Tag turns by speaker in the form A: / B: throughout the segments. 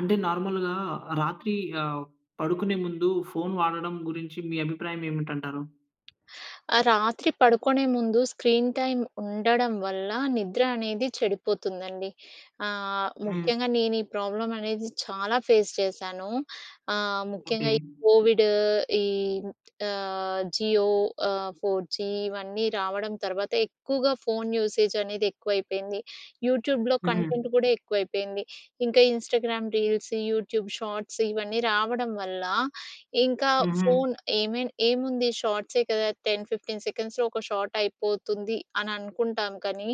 A: అంటే నార్మల్‌గా రాత్రీ ఆహ్, పడుకునే ముందు ఫోన్ వాడడం గురించి మీ అభిప్రాయమేమిటంటారు?
B: ఆహ్, రాత్రి పడుకునే ముందు స్క్రీన్ టైమ్ ఉండడం వల్ల నిద్ర అనేది చెడిపోతుందండి. ఆహ్,
A: హ్మ్.
B: ముఖ్యంగా నేనీ ప్రాబ్లమనేది చాలా ఫేస్ చేశాను. ఆహ్,
A: ఓకే.
B: ముఖ్యంగా ఈ కోవిడు, ఈ ఆహ్, జియో ఆహ్, 4జీ ఇవన్నీ రావడం తర్వాత ఎక్కువుగా ఫోన్ యూసేజనేది ఎక్కువైపేంది. యూట్యూబ్‌లో
A: హ్మ్.
B: కంటెంట్ గూడా ఎక్కువైపేంది. ఇంకా ఇన్స్టాగ్రామ్ రీల్స్, యూట్యూబ్ షార్ట్స్ ఇవన్నీ రావడం వల్లా, ఇంకా
A: హుహు.
B: ఫోన్ ఏమేన్ ఏముంది షార్ట్సే కదా, 10, 15 సెకండ్స్‌లో ఒక షార్టయిపోతుంది అననుకుంటాం, కానీ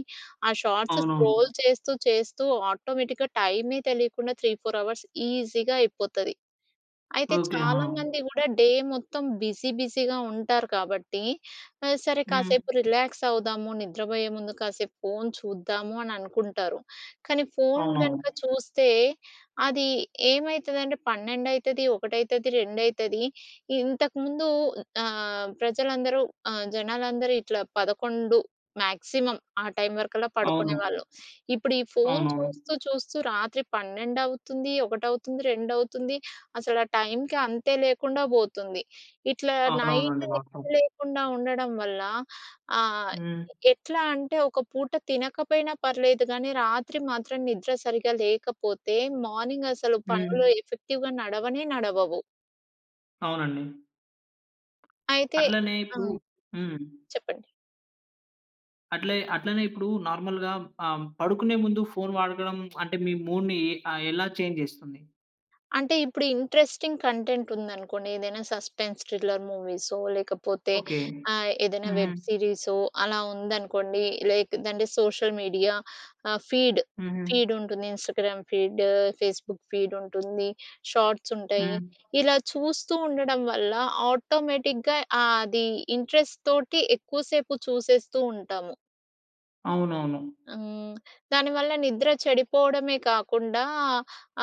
B: ఆ షార్ట్సు
A: అవునవును.
B: స్క్రోల్ చేస్తూ చేస్తూ ఆటోమేటిక్‌గా టైమే తెలీకుండా 3, 4 అవర్స్ ఈజీగా అయిపోతది. అయితే,
A: ఓకే. ఆహా!
B: చాలామంది గూడా డే మొత్తం బిజీ బిజీగా ఉంటారు కాబట్టి, ఆ సరే
A: హ్మ్.
B: కాసేపు రిలాక్సవుదాము, నిద్రపోయే ముందు కాసేపు ఫోన్ చూద్దాము అని అనుకుంటారు, కానీ ఫోన్ గనక
A: అవునవును.
B: చూస్తే, అది ఏమైతదంటే, పన్నెండైతది, ఒకటైతది, రెండైతది. ఇంతకుముందూ ఆహ్, ప్రజలందరూ ఆహ్, జనాలందరూ ఇట్లా 11 మ్యాక్సిమం ఆ టైం వరకల్లా
A: అవును.
B: పడుకునేవాళ్ళు. ఇప్పుడు ఈ ఫోన్
A: అవునవును.
B: చూస్తూ చూస్తూ రాత్రి 12 అవుతుంది, 1 అవుతుంది, 2 అవుతుంది. అసలు ఆ టైమ్‌కి అంతే లేకుండా బోతుంది. ఇట్లా నైట్
A: అవునవునండీ.
B: నిద్ర
A: వాస్తవం.
B: లేకుండా ఉండడం వల్ల, ఆహ్,
A: హ్మ్.
B: ఎట్లా అంటే, ఒక పూట తినకపోయినా పర్లేదు గానీ, రాత్రి మాత్రం నిద్ర సరిగ్గా లేకపోతే, మార్నింగసలు పనులు
A: హ్మ్.
B: ఎఫెక్టివ్‍గా నడవనే నడవవు.
A: అవునండి.
B: అయితే
A: అట్లనే
B: ఆ!
A: ఇప్పుడు హ్మ్.
B: చెప్పండి.
A: అట్లే అట్లనే ఇప్పుడు నార్మల్‌గా ఆహ్, పడుకునే ముందు ఫోన్ వాడడం అంటే మీ మూడ్‌ని ఆహ్, ఎలా చేంజ్ చేస్తుంది?
B: అంటే, ఇప్పుడు ఇంట్రెస్టింగ్ కంటెంట్ ఉందనుకోండి. ఏదైనా సస్పెన్స్ థ్రిల్లర్ మూవీసో, లేకపోతే
A: ఓకే.
B: ఆహ్, ఏదైనా
A: హుహు.
B: వెబ్ సిరీసో అలా ఉందనుకోండి. లైక్‌దంటే అంటే సోషల్ మీడియా ఆహ్, ఫీడ్,
A: హుహు.
B: ఫీడ్ ఉంటుంది. ఇన్‌స్టాగ్రామ్ ఫీడ్, ఫేస్‌బుక్ ఫీడ్ ఉంటుంది. షాట్స్ ఉంటాయి.
A: హ్మ్.
B: ఇలా చూస్తూ ఉండడం వల్ల ఆటోమేటిక్‍గా ఆ ఆది ఇంట్రెస్ట్‌తోటి ఎక్కువసేపు చూసేస్తూ ఉంటాము.
A: అవునవును.
B: హ్మ్. దాని వల్ల నిద్ర చెడిపోవడమే కాకుండా,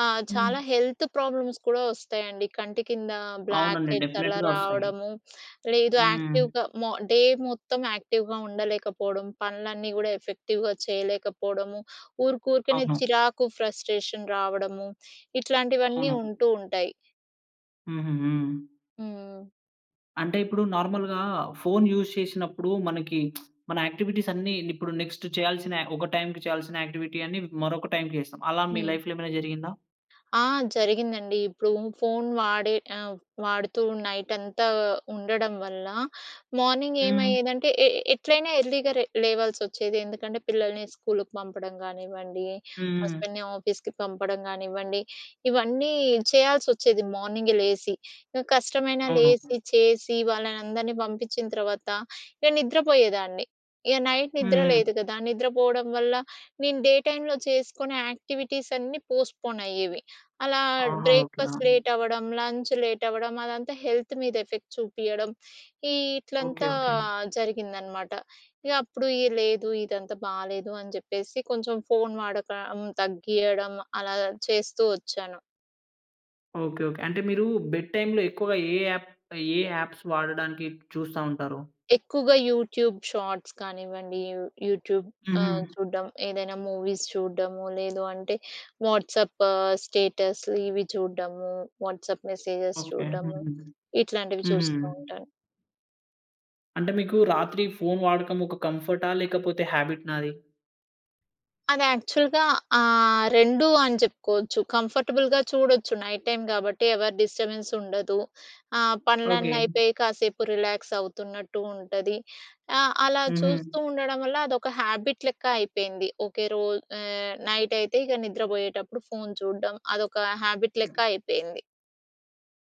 B: ఆహ్, చాలా
A: హ్మ్.
B: హెల్త్ ప్రాబ్లమ్స్ కూడా వస్తాయండి. కంటి కింద బ్లాక్
A: అవునండి.
B: హెడ్స్ అలా
A: డెఫనెట్‌గా వస్తాయి.
B: రావడము, లేదు
A: హ్మ్.
B: యాక్టివ్‍గా మో డే మొత్తం యాక్టివ్‍గా ఉండలేకపోవడం, పనులన్నీ కూడా ఎఫెక్టివ్‍గా చేయలేకపోవడము, ఊరుకు ఊరుకునే
A: అవును.
B: చిరాకు, ఫ్రస్ట్రేషన్ రావడము. ఇట్లాంటివన్నీ
A: అవును.
B: ఉంటూ ఉంటాయి.
A: హుహు. హ్మ్.
B: హ్మ్.
A: అంటే, ఇప్పుడు నార్మల్‌గా ఫోన్ యూస్ చేసినప్పుడు, మనకి మన యాక్టివిటీస్ అన్ని ఇప్పుడు నెక్స్ట్ చేయాల్సిన, ఒక టైమ్‌కి చేయాల్సిన యాక్టివిటీ అన్ని మరొక టైమ్‌కి చేస్తాం. అలా మీ
B: హ్మ్.
A: లైఫ్‌లో ఏమైనా జరిగిందా?
B: ఆ! జరిగిందండి. ఇప్పుడు ఫోన్ వాడే ఆహ్, వాడుతూ నైటంతా ఉండడం వల్ల, మార్నింగ్
A: హ్మ్.
B: ఏమయ్యేదంటే, ఎ ఎట్లైనా ఎర్లీగా లే లేవాల్సొచ్చేది. ఎందుకంటే పిల్లల్ని స్కూల్‌కి పంపడం గానివ్వండి,
A: హ్మ్.
B: హస్బెండ్‍ని ఆఫీస్‌కి పంపడం గానివ్వండి, ఇవన్నీ చేయాల్సొచ్చేది, మార్నింగే లేసి. ఇక కష్టమైనా
A: అవును.
B: లేసి, చేసి వాళ్ళనందరిని పంపిచ్చిన తర్వాత ఇగ నిద్ర పోయేదాన్ని. ఇక నైట్ నిద్ర
A: హ్మ్.
B: లేదు కదా! నిద్రపోవడం వల్ల, నేను డే టైమ్‌లో చేసుకునే యాక్టివిటీస్ అన్నీ పోస్ట్‌‌‌‌‌పోన్ అయ్యేవి. అలా
A: ఆహా! ఓకే.
B: బ్రేక్‌ఫాస్ట్
A: ఆ!
B: లేట్ అవ్వడం లంచ్ లేట్ అవ్వడం అదంతా హెల్త్ మీద ఎఫెక్ట్ చూపియడం. ఈ
A: ఓకే,
B: ఇట్లంతా
A: ఓకే.
B: జరిగిందనమాట. ఇగ అప్పుడు లేదు ఇదంతా బాలేదు అని చెప్పేసి, కొంచెం ఫోన్ వాడకం తగ్గియడం అలా చేస్తూ వచ్చాను.
A: Okay, okay. అంటే మీరు బెడ్ టైమ్‌లో ఎక్కువగా ఏ యాప్ ఏ యాప్స్ వాడడానికి చూస్తా ఉంటారు.
B: ఎక్కువగా యూట్యూబ్ షార్ట్స్ కానివ్వండి, యూట్యూబ్ ఆహ్,
A: హుహు.
B: చూడ్డం, ఏదైనా మూవీస్ చూడ్డము, లేదు అంటే వాట్సాప్ స్టేటస్ ఇవి చూడ్డము, వాట్సాప్ మెసేజెస్
A: ఓకే.
B: చూడ్డము
A: హుహు.
B: ఇట్లాంటివి
A: హుహు.
B: చూస్తూ ఉంటాను.
A: అంటే మీకు రాత్రి ఫోన్ వాడకం ఒక కంఫర్టా? లేకపోతే హాబిట్‌నా అది?
B: అది యాక్చువల్‍గా ఆహ్, 2 అని చెప్పుకోవచ్చు. కంఫర్టబుల్‌గా చూడొచ్చు. నైట్ టైమ్ గాబట్టి, ఎవరి డిస్టర్బెన్స్‌ ఉండదు. ఆహ్,
A: ఓకే.
B: పనులన్నీ అయిపోయి కాసేపు రిలాక్స్ అవుతున్నట్టు ఉంటది. ఆహ్, అలా చూస్తూ
A: హుహు.
B: ఉండడం వల్ల, అదొక హ్యాబిట్ లెక్క అయిపేయింది. ఓకే రోజు ఆహ్, నైటైతే ఇగ నిద్రపోయేటప్పుడు ఫోన్ చూడడం, అదొక హ్యాబిట్ లెక్క
A: హ్మ్.
B: అయిపోయింది.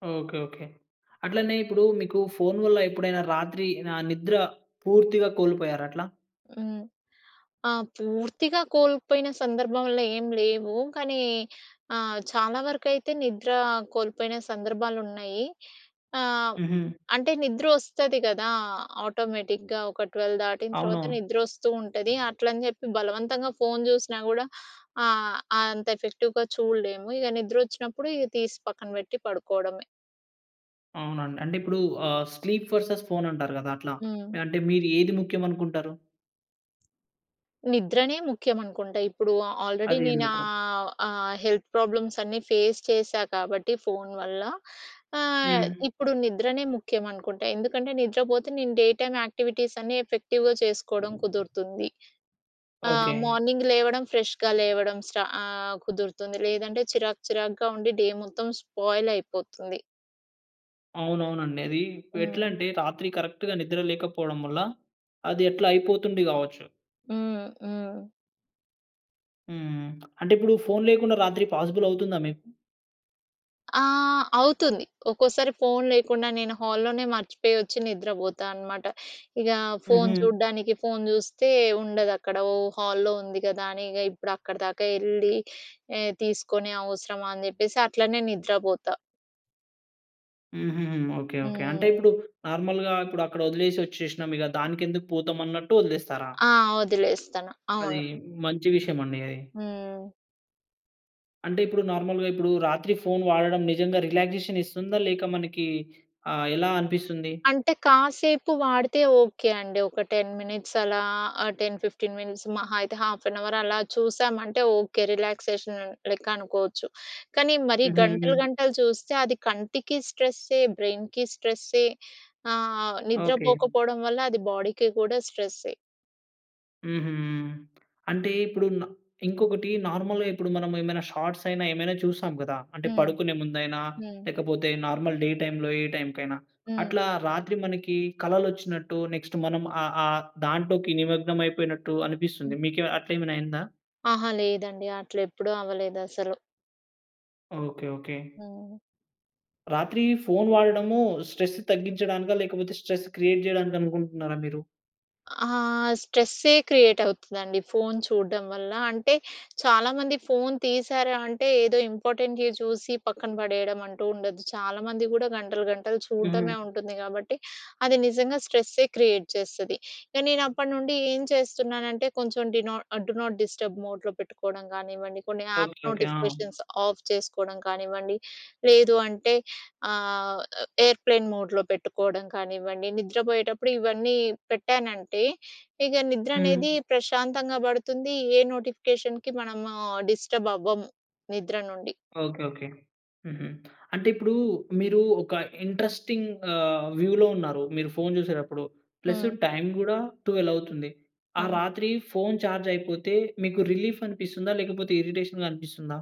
A: ఓకే. ఓకే. అట్లనే ఇప్పుడు మీకు ఫోన్ వల్ల ఎప్పుడైనా రాత్రి ఆహ్, నిద్ర పూర్తిగా కోల్పోయారా అట్లా?
B: హ్మ్. ఆ! పూర్తిగా కోల్పోయిన సందర్భంలో ఏం లేవు. కానీ ఆహ్, చాలా వరకైతే నిద్ర కోల్పోయిన సందర్భాలున్నాయి. ఆహ్,
A: హుహు.
B: అంటే నిద్ర వస్తది కదా ఆటోమేటిక్‌గా ఒక, 12 దాటిన తర్వాత
A: అవునవును.
B: నిద్ర వస్తూంటది. అట్లని చెప్పి బలవంతంగా ఫోన్ జూసినా కూడా ఆహ్, అంత ఎఫెక్టివ్‍గా చూడలేము. ఇగ నిద్ర వచ్చినప్పుడు ఇగ తీసి పక్కన పెట్టి పడుకోవడమే.
A: అవునండి. అంటే ఇప్పుడు ఆహ్, స్లీప్ వర్సెస్ ఫోన్ అంటారు కదా అట్లా.
B: హ్మ్.
A: అంటే మీరు ఏది ముఖ్యం అనుకుంటారు?
B: నిద్రనే ముఖ్యం అనుకుంటా. ఇప్పుడు ఆల్రెడీ
A: అది
B: నేను
A: ఎందుకు?
B: ఆహ్, ఆ హెల్త్ ప్రాబ్లమ్స్ అన్నీ ఫేస్ చేశా కాబట్టి ఫోన్ వల్ల. ఆహ్,
A: హ్మ్.
B: ఇప్పుడు నిద్రనే ముఖ్యం అనుకుంటా. ఎందుకంటే నిద్రపోతే నేను డే టైమ్ యాక్టివిటీస్ అన్నీ ఎఫెక్టివ్‍గా చేసుకోవడం కుదురుతుంది. ఆహ్,
A: ఓకే.
B: మార్నింగ్ లేవడం ఫ్రెష్‍గా లేవడం స్ట ఆహ్, కుదురుతుంది. లేదంటే చిరాకు చిరాకుగా ఉండి డే మొత్తం స్పాయిల్ అయిపోతుంది.
A: అవునవునండి. అది
B: హ్మ్.
A: ఎట్లంటే రాత్రి కరెక్ట్‌గా నిద్ర లేకపోవడం వల్ల అది అట్లా అయిపోతుంది కావచ్చు.
B: హ్మ్, హ్మ్.
A: హ్మ్. అంటే ఇప్పుడు ఫోన్ లేకుండా రాత్రి పాజిబుల్ అవుతుందా మీకు?
B: ఆహ్, అవుతుంది. ఒక్కోసారి ఫోన్ లేకుండా నేను హాల్‌ లోనే మర్చిపోయి వచ్చి నిద్రపోతా అనమాట. ఇగా ఫోన్
A: హుహు.
B: చూడ్డానికి ఫోన్ చూస్తే, ఉండదు అక్కడ. ఓహ్! హాల్‌లో ఉంది కదా! అని ఇగ ఇప్పుడు అక్కడి దాకా వెళ్ళి ఆహ్, తీసుకొని అవసరమా అని చెప్పేసి అట్లనే నిద్రపోతా.
A: హుహు. Okay, okay. అంటే
B: హ్మ్.
A: ఇప్పుడు నార్మల్‌గా ఇప్పుడు అక్కడ వదిలేసి వచ్చేషినాం. ఇక దానికెందుకు పోతాం అన్నట్టు వదిలేస్తారా?
B: ఆ! వదిలేస్తాను.
A: అది
B: అవును.
A: మంచి విషయం అండి అది.
B: హ్మ్.
A: అంటే, ఇప్పుడు నార్మల్‌గా ఇప్పుడు రాత్రి ఫోన్ వాడడం నిజంగా రిలాక్సేషన్ ఇస్తుందా? లేక మనకి ఆహ్, ఎలా అనిపిస్తుంది?
B: అంటే, కాసేపు వాడితే ఓకే అండి. ఒక 10 మినిట్స్ అలా ఆహ్, 10, 15 మినిట్స్ మహా అయితే హాఫ్ ఎన్ అవర్ అలా చూసామంటే ఓకే, రిలాక్సేషన్ లెక్క అనుకోవచ్చు. కానీ మరి గంటలు,
A: హుహు.
B: గంటలు చూస్తే అది కంటికి స్ట్రెస్సే బ్రెయిన్‍కి స్ట్రెస్సే ఆహ్,
A: ఓకే.
B: నిద్రపోకపోడం వల్ల అది బాడీకి కూడా స్ట్రెస్సే.
A: హుహు. అంటే ఇప్పుడు న ఇంకొకటి నార్మల్‌గా ఇప్పుడు మనం ఏమైనా షార్ట్స్ అయినా ఏమైనా చూస్తాం కదా! అంటే,
B: హ్మ్.
A: పడుకునే ముందైనా
B: హ్మ్.
A: లేకపోతే, నార్మల్ డే టైమ్‌లో ఏ టైమ్‌కైనా.
B: హ్మ్.
A: అట్లా రాత్రి మనకి కలలొచ్చినట్టు నెక్స్ట్ మనం ఆ, ఆ, దాంట్లోకి నిమగ్నం అయిపోయినట్టు అనిపిస్తుంది.
B: హ్మ్.
A: మీకు అట్లాయేమైన అయిందా?
B: అహా, లేదండి. అట్ల ఎప్పుడూ అవ్వలేదు అసలు.
A: ఓకే. ఓకే.
B: హ్మ్.
A: రాత్రి ఫోన్ వాడడము స్ట్రెస్ తగ్గించడానికా? లేకపోతే స్ట్రెస్ క్రియేట్ జేయడానికనుకుంటున్నారా మీరు?
B: ఆహ్, స్ట్రెస్సే క్రియేట్ అవుతదండి ఫోన్ చూడం వల్ల. అంటే, చాలామంది ఫోన్ తీశారా అంటే, ఏదో ఇంపార్టెంటే చూసి పక్కన పడేయడం అంటూ ఉండదు. చాలామంది గూడా గంటలు, గంటలు
A: హ్మ్.
B: చూడ్డమే ఉంటుంది కాబట్టి, అది నిజంగా స్ట్రెస్సే క్రియేట్ చేస్తది. ఇక నేను అప్పటినుండి ఏం చేస్తున్నానంటే, కొంచెం do not ah, do not disturb మోడ్‌లో పెట్టుకోవడం గానివ్వండి, కొన్ని యాప్
A: ఓకే. ఓకే. ఆ!
B: నోటిఫికేషన్స్ ఆఫ్ చేసుకోడం కానివ్వండి, లేదు అంటే ఆహ్, ఎయిర్‌ప్లేన్ మోడ్‌లో పెట్టుకోడం కానివ్వండి, నిద్రపోయేటప్పుడు ఇవన్నీ పెట్టానంటే, ఇగ నిద్ర అనేది
A: హ్మ్.
B: ప్రశాంతంగా పడుతుంది. ఏ నోటిఫికేషన్‍కి మనము డిస్టర్బ్ అవ్వము నిద్ర నుండి.
A: ఓకే. ఓకే. హుహు. అంటే ఇప్పుడు మీరు ఒక ఇంట్రెస్టింగ్ ఆహ్, వ్యూలో ఉన్నారు, మీరు ఫోన్ చూసేటప్పుడు, ప్లస్
B: హ్మ్.
A: టైమ్ కూడా 12 అవుతుంది. ఆ
B: హ్మ్.
A: రాత్రి ఫోన్ చార్జ్ అయిపోతే, మీకు రిలీఫ్ అనిపిస్తుందా? లేకపోతే ఇరిటేషన్‌గా అనిపిస్తుందా?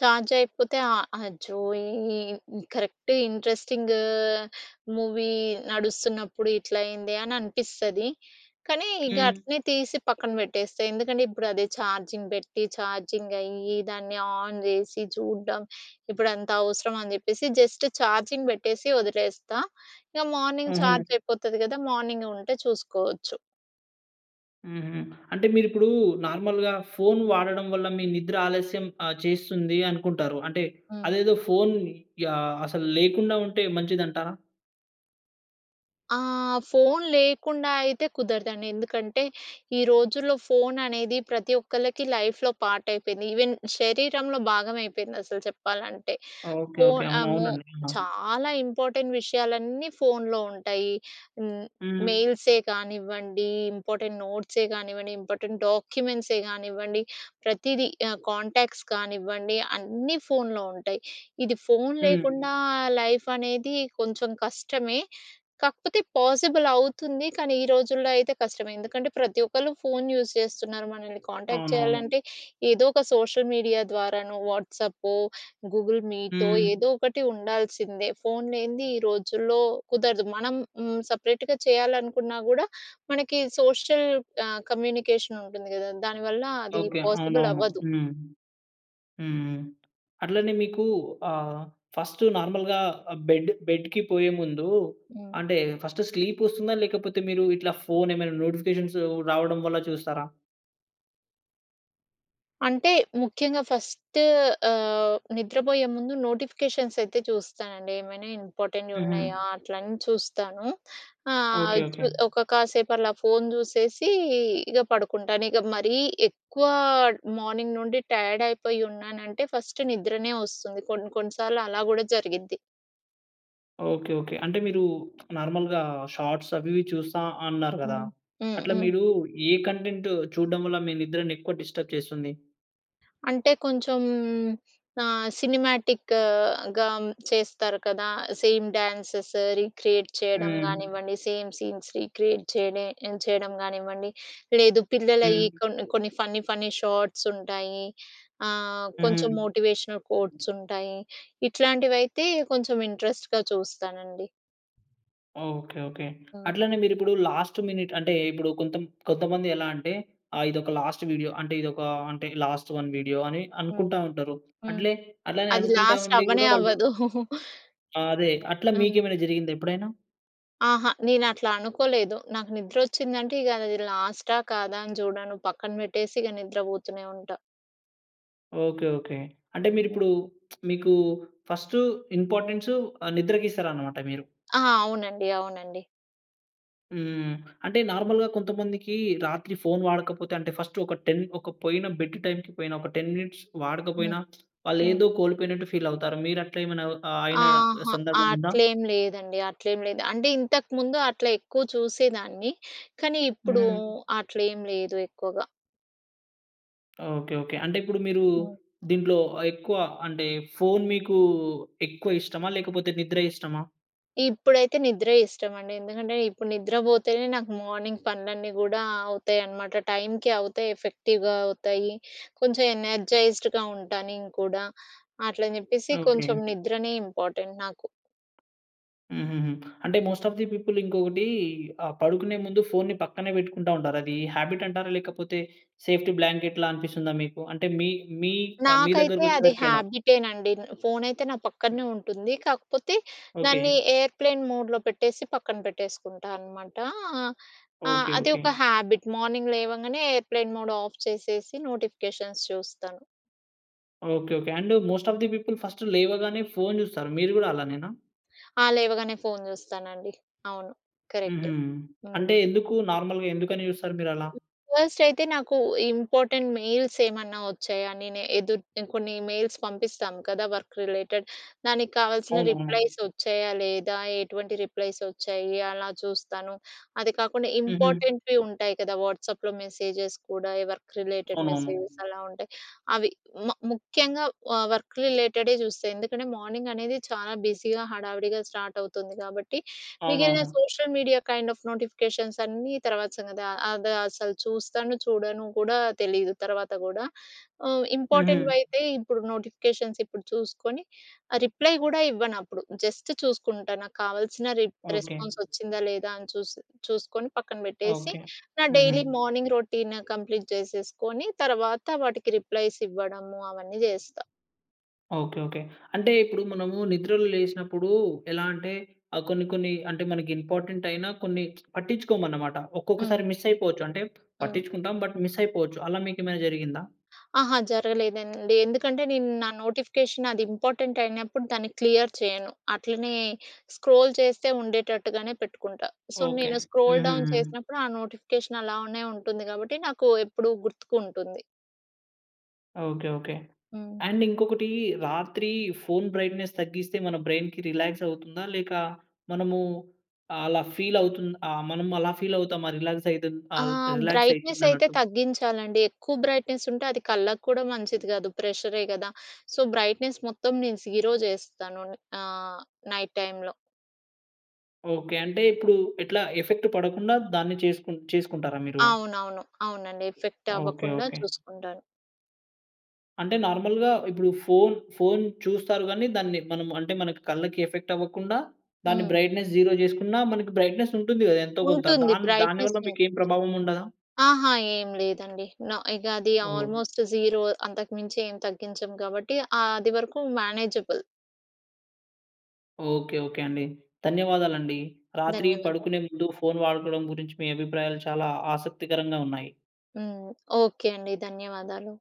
B: ఛార్జ్ అయిపోతే ఆ అచ్చో ఈ కరెక్ట్ ఇంట్రెస్టింగ్ మూవీ నడుస్తున్నప్పుడు ఇట్లయింది అని అనిపిస్తది. కానీ ఇక
A: హ్మ్.
B: అట్లనే తీసి పక్కన పెట్టేస్తా. ఎందుకంటే ఇప్పుడు అదే ఛార్జింగ్ పెట్టి, ఛార్జింగ్ అయ్యి, దాన్ని ఆన్ చేసి చూడ్డం. ఇప్పుడు అంత అవసరంమా? అని చెప్పేసి జస్ట్ ఛార్జింగ్ పెట్టేసి వదిలేస్తా. ఇక మార్నింగ్
A: హుహు.
B: ఛార్జ్ అయిపోతుంది కదా! మార్నింగ్ ఉంటే చూసుకోవచ్చు.
A: హుహు. అంటే మీరిప్పుడు, నార్మల్‌గా ఫోన్ వాడడం వల్ల మీ నిద్ర ఆలస్యం ఆ చేస్తుంది అనుకుంటారు. అంటే
B: హ్మ్.
A: అదేదో ఫోన్ యాహ్! అసలు లేకుండా ఉంటే మంచిది అంటారా?
B: ఆహ్, ఫోన్ లేకుండా అయితే కుదరదండి. ఎందుకంటే, ఈ రోజుల్లో ఫోన్ అనేది ప్రతి ఒక్కళ్ళకి లైఫ్‍లో పార్ట్ అయిపోయింది. ఈవెన్ శరీరంలో భాగం అయిపోయింది అసలు చెప్పాలంటే.
A: Okay, okay.
B: ఫోన్
A: అవును,
B: అమో,
A: అవునండి. ఆ!
B: చాలా ఇంపార్టెంట్ విషయాలన్నీ ఫోన్‌లో ఉంటాయి. హ్మ్.
A: హ్మ్.
B: మెయిల్సే కానివ్వండి, ఇంపార్టెంట్ నోట్సే కానివ్వండి, ఇంపార్టెంట్ డాక్యుమెంట్సే కానివ్వండి ప్రతీదీ, ఆహ్, కాంటాక్ట్స్ కానివ్వండి అన్నీ ఫోన్‌లో ఉంటాయి. ఇది ఫోన్
A: హ్మ్.
B: లేకుండా లైఫ్ అనేది కొంచెం కష్టమే. కాకపోతే పాసిబుల్ అవుతుంది. కానీ ఈ రోజుల్లో అయితే కష్టమే. ఎందుకంటే ప్రతి ఒక్కరు ఫోన్ యూస్ చేస్తున్నారు. మనల్ని కాంటాక్ట్
A: అవునవును.
B: చేయాలంటే ఏదో ఒక సోషల్ మీడియా ద్వారానో, వాట్సాప్పూ, గూగుల్ మీ‌టో,
A: హ్మ్.
B: ఏదో ఒకటి ఉండాల్సిందే! ఫోన్ లేనిది ఈ రోజుల్లో కుదరదు. మనం హ్మ్. సపరేట్‌గా చేయాలనుకున్నా కూడా, మనకి సోషల్ ఆహ్, కమ్యూనికేషన్ ఉంటుంది కదా! దానివల్ల అది
A: ఓకే.
B: పాసిబుల్
A: అవునవును.
B: అవ్వదు.
A: హ్మ్. హ్మ్, హ్మ్. అట్లనే మీకు ఆ! ఫస్ట్ నార్మల్‌గా బెడ్ బెడ్‌కి పోయేముందు
B: హ్మ్.
A: అంటే ఫస్ట్ స్లీప్ వస్తుందా? లేకపోతే మీరు ఇట్లా ఫోన్ ఏమైనా నోటిఫికేషన్స్ రావడం వల్ల చూస్తారా?
B: అంటే ముఖ్యంగా ఫస్ట్ ఆహ్, నిద్రపోయే ముందు నోటిఫికేషన్స్‌సైతే చూస్తానండి. ఏమైనా ఇంపార్టెంట్
A: హుహు.
B: ఉన్నాయా? అట్ల అని చూస్తాను. ఆహ్,
A: ఓకే.
B: చు
A: ఓకే.
B: ఒక కాసేపు అలా ఫోన్ జూసేసి ఇగ పడుకుంటాను. ఇగ మరీ ఎక్కువ మార్నింగ్ నుండి టైయాడైపోయి ఉన్నానంటే ఫస్ట్ నిద్రనే వస్తుంది. కొన్ని కొన్ని సార్లు అలా కూడా జరిగిద్ది.
A: ఓకే. ఓకే. అంటే మీరు నార్మల్‌గా షార్ట్స్ అవి ఇవి చూస్తా అన్నారు కదా!
B: హ్మ్. హ్మ్.
A: అట్ల
B: హ్మ్.
A: మీరు ఏ కంటెంట్ చూడడం వల్ల మీ నిద్రని ఎక్కువ డిస్టర్బ్ చేస్తుంది?
B: అంటే కొంచెం ఆహ్, సినిమాటిక్‌గా చేస్తారు కదా! సేమ్ డ్యాన్సెస్ రీక్రియేట్ చేయడం
A: హ్మ్.
B: గానివ్వండి సేమ్ సీన్స్ రీక్రియేట్ చేయిడే చేయడం గానివ్వండి. లేదు పిల్లలయి
A: హ్మ్.
B: కొన్ని కొన్ని ఫన్నీ ఫన్నీ షార్ట్స్ ఉంటాయి, ఆహ్, కొంచెం
A: హుహు.
B: మోటివేషనల్ కోట్స్ ఉంటాయి. ఇట్లాంటివి అయితే కొంచెం ఇంట్రెస్ట్‌గా చూస్తానండి.
A: ఓకే. ఓకే.
B: హ్మ్.
A: అట్లనే మీరు ఇప్పుడు లాస్ట్ మినిట్ అంటే ఇప్పుడు కొంత కొంతమంది ఎలా అంటే ఆహ్, ఇదొక లాస్ట్ వీడియో అంటే ఇదొక ఆహ్, అంటే లాస్ట్ వన్ వీడియో అని
B: హ్మ్.
A: అనుకుంటా ఉంటారు.
B: హ్మ్.
A: అట్లే అట్లనే
B: అది
A: అనుకుంటా
B: లాస్ట్
A: ఉండి
B: అవ్వనే
A: కూడా వాళ్ళు
B: అవ్వదు.
A: ఆ! అదే. అట్ల
B: హ్మ్.
A: మీకేమైనా జరిగిందా ఎప్పుడైనా?
B: అహా! నేను అట్లా అనుకోలేదు. నాకు నిద్రొచ్చిందంటే, ఇగ అదిది లాస్టా, కాదా అని జూడను. పక్కన పెట్టేసి ఇగ నిద్రపోతూనే ఉంటా.
A: ఓకే. ఓకే. అంటే, మీరప్పుడు మీకూ ఫస్టు ఇంపార్టెన్సు ఆహ్, నిద్రస్తారనమాట మీరు.
B: ఆ! అవునండి. అవునండి.
A: హ్మ్. అంటే, నార్మల్‌గా కొంతమందికీ రాత్రి ఫోన్ వాడకపోతే, అంటే, ఫస్టు ఒక 10 ఒక పోయిన బెడ్డు టైమ్‌కి పోయిన, ఒక 10 మినిట్స్
B: హ్మ్.
A: వాడకపోయినా,
B: హ్మ్.
A: వాళ్ళేఎదో కోల్పోయినట్టు ఫీలవుతారు. మీరట్లేమైనా అవ్ ఆహ్, అయినా
B: అహా!
A: సందర్భముందా?
B: అట్లేం లేదండి. అట్లేం లేదు. అంటే, ఇంతకుముందు అట్ల ఎక్కువ చూసేదాన్ని, కానీ ఇప్పుడూ
A: హ్మ్.
B: అట్లేం లేదు ఎక్కువుగా.
A: ఓకే. ఓకే. అంటే, ఇప్పుడు మీరూ
B: హ్మ్.
A: దీంట్లో అహ్, ఎక్కువ అంటే, ఫోన్ మీకూ ఎక్కువ ఇష్టమా? లేకపోతే, నిద్ర ఇష్టమా?
B: ఇప్పుడైతే నిద్రే ఇష్టమండి. ఎందుకంటే, ఇప్పుడు నిద్రబోతేనే, నాకు మార్నింగ్ పనులన్నీ గూడా అవుతాయనమాట. టైమ్‌కి అవుతాయి, ఎఫెక్టివ్‍గా అవుతాయి. కొంచం ఎనర్జైజ్డ్‌గా ఉంటా నేను కూడా. అట్లని చెప్పేసి
A: ఓకే.
B: కొంచం నిద్రనే ఇంపార్టెంట్ నాకు.
A: హుహూహు. అంటే, మోస్ట్ ఆఫ్ ది పీపుల్ ఇంకొకిటీ ఆహ్, పడుకునే ముందు ఫోన్‌ని పక్కనే పెట్టుకుంటా ఉంటారు. అదీ హ్యాబిట్టంటారా? లేకపోతే, సేఫ్టీ బ్లాంకెట్‌లా అనిపిస్తుందా మీకు? అంటే, మీ మీ ఆహ్, మీ
B: నాకైతే అది
A: దగ్గరకొచ్చేసరికి ఎలా?
B: హ్యాబిటేనండి. న్ ఫోనయితే నా పక్కన్నే ఉంటుంది. కాకపోతే,
A: ఓకే.
B: దాన్ని ఎయిర్‌ప్లేన్ మోడ్‌లో పెట్టేసి పక్కన పెట్టేసుకుంటా అనమాటా. ఆ!
A: ఓకే.
B: అది
A: ఓకే.
B: ఒక హ్యాబిట్. మార్నింగ్ లేవంగనే ఎయిర్‌ప్లేన్ మోడ్‌ ఆఫ్ చేసేసి, నోటిఫికేషన్స్ చూస్తాను.
A: Okay. Okay. And most of the people first లేవగానే ఫోన్ జూస్తారు. మీరు కూడా అలానేనా?
B: ఆహ్, లేవగానే ఫోన్ చూస్తానండి. అవును. కరక్టే.
A: ఉహూ.
B: హ్మ్.
A: అంటే ఎందుకు నార్మల్‌గా ఎందుకని చూస్తారు మీరలా?
B: ఫస్ట్ అయితే నాకు ఇంపార్టెంట్ మెయిల్స్ ఏమన్నా వచ్చాయా? నేను ఎదు కొన్ని మెయిల్స్ పంపిస్తాం కదా! Work related. దానికి కావాల్సిన
A: అవునవును.
B: రిప్లైస్ వచ్చాయా? లేదా? ఎటువంటి రిప్లైస్ వచ్చాయి అలా చూస్తాను. అది కాకుండా
A: ఉహూ.
B: ఇంపార్టెంట్‌వి ఉంటాయి కదా! వాట్సాప్‍లో మెసేజెస్ కూడా వర్క్ రిలేటెడ్ మెసేజెస్
A: అవునవును.
B: అలా ఉంటాయి అవి. హ్మ్, మ ముఖ్యంగా ఆహ్, వర్క్ రిలేటెడే చూస్తా. ఎందుకంటే మార్నింగనేది చాలా బిజీగా హడావిడిగా స్టార్ట్ అవుతుంది కాబట్టి, మిగిలిన
A: అవునవును.
B: Social media kind of notifications అన్నీ తర్వాత సంగతి. ఆహ్, అది అసలు చూస్తాను, చూడను కూడా తెలీదు తర్వాత కూడా? హ్మ్.
A: ఉహూ.
B: ఇంపార్టెం‌ట్వైతే ఇప్పుడు నోటిఫికేషన్స్ ఇప్పుడు చూసుకొని ఆహ్, రిప్లై గూడా ఇవ్వను అప్పుడు జస్ట్ చూసుకుంటా నాకు కావాల్సిన రి
A: ఓకే.
B: రెస్పాన్స్ వచ్చిందా లేదా అని చూసి చూసుకొని పక్కన పెట్టేసి,
A: ఓకే.
B: నా
A: ఉహూ.
B: డైలీ మార్నింగ్ రొటీన్ కంప్లీట్ చేసేసుకొని తర్వాత వాటికి రిప్లైస్ ఇవ్వడము అవన్నీ జేస్తా.
A: ఓకే. ఓకే. అంటే ఇప్పుడు మనము నిద్రలో లేసినప్పుడు ఎలా అంటే ఆహ్, కొన్ని, కొన్ని అంటే మనకి ఇంపార్టెంటైయిన కొన్ని పట్టించుకోము అన్నమాట.
B: హ్మ్.
A: ఒక్కొక్కసారి మిస్ అయిపోవచ్చు, అంటే
B: హ్మ్.
A: పట్టించుకుంటాం. బట్ మిస్ అయిపోవచ్చు. అలా మీకు ఏమైనా జరిగిందా?
B: అహా! జరగలేదండి. ఎందుకంటే నేను నా నోటిఫికేషన్ అది ఇంపార్టెంట్ అయినప్పుడు దాన్ని క్లియర్ చేయను. అట్లనే స్క్రోల్ చేస్తే ఉండేటట్టుగానే పెట్టుకుంటా. So,
A: okay.
B: నేను స్క్రోల్ డౌన్
A: హుహుహు.
B: చేసినప్పుడు ఆ నోటిఫికేషన్ అలానే ఉంటుంది కాబట్టి నాకు ఎప్పుడు గుర్తుకుంటుంది.
A: ఓకే. ఓకే.
B: హ్మ్.
A: అండ్ ఇంకొకటీ రాత్రి ఫోన్ బ్రైట్‌నెస్ తగ్గిస్తే, మన బ్రైన్‌కి రిలాక్స్ అవుతుందా? లేక మనమూ అలా ఫీల్ అవుతుంది ఆహ్, మనము అలా ఫీల్ అవుతామా రిలాక్స్ అయితది
B: ఆ!
A: అల్ రిలాక్స్
B: బ్రైట్‌నెస్ అయితే
A: అవుతుందన్నట్టు?
B: తగ్గించాలండి. ఎక్కువ బ్రైట్‌నెస్ ఉంటే అది కళ్ళకి కూడా మంచిది కాదు. ప్రెషరె కదా! సో, బ్రైట్‌నెస్ మొత్తం నేను జీరో చేస్తాను ఆహ్, నైట్ టైమ్‌లో.
A: ఓకే. అంటే ఇప్పుడు ఎట్లా ఎఫెక్ట్ పడకుండా దాన్ని చెసుకు చేసుకుంటారా మీరు?
B: అవునవును. అవునండి. Effect
A: okay.
B: అవ్వకుండా
A: ఓకే.
B: చూసుకుంటాను.
A: అంటే నార్మల్‌గా ఇప్పుడు ఫోన్, ఫోన్ చూస్తారు గాని, దాన్ని మనం అంటే మన కళ్ళకి ఎఫెక్ట్ అవ్వకుండా, దాని
B: హ్మ్.
A: బ్రైట్‌నెస్ జీరో చేసుకున్నా మనకి బ్రైట్‌నెస్ ఉంటుంది కదా! ఎంతో కొంత.
B: ఉంటుంది.
A: దాన్ దాని
B: బ్రైట్‌నెస్
A: వల్ల
B: ఉంటుంది.
A: మీకేం ప్రభావముండదా?
B: ఆహా! ఏం లేదండి. నొ ఇగ అది
A: ఓహ్!
B: ఆల్మోస్ట్ జీరో అంతకు మించి ఏం తగ్గించము కాబట్టి, ఆది వరకూ మేనేజబుల్.
A: ఓకే. ఓకే అండి. ధన్యవాదాలండీ. రాత్రి
B: ధన్యవాదాలు.
A: పడుకునే ముందు ఫోన్ వాడుకోవడం గురించి మీ అభిప్రాయాలు చాలా ఆసక్తికరంగా ఉన్నాయి.
B: హ్మ్. ఓకే అండి. ధన్యవాదాలు.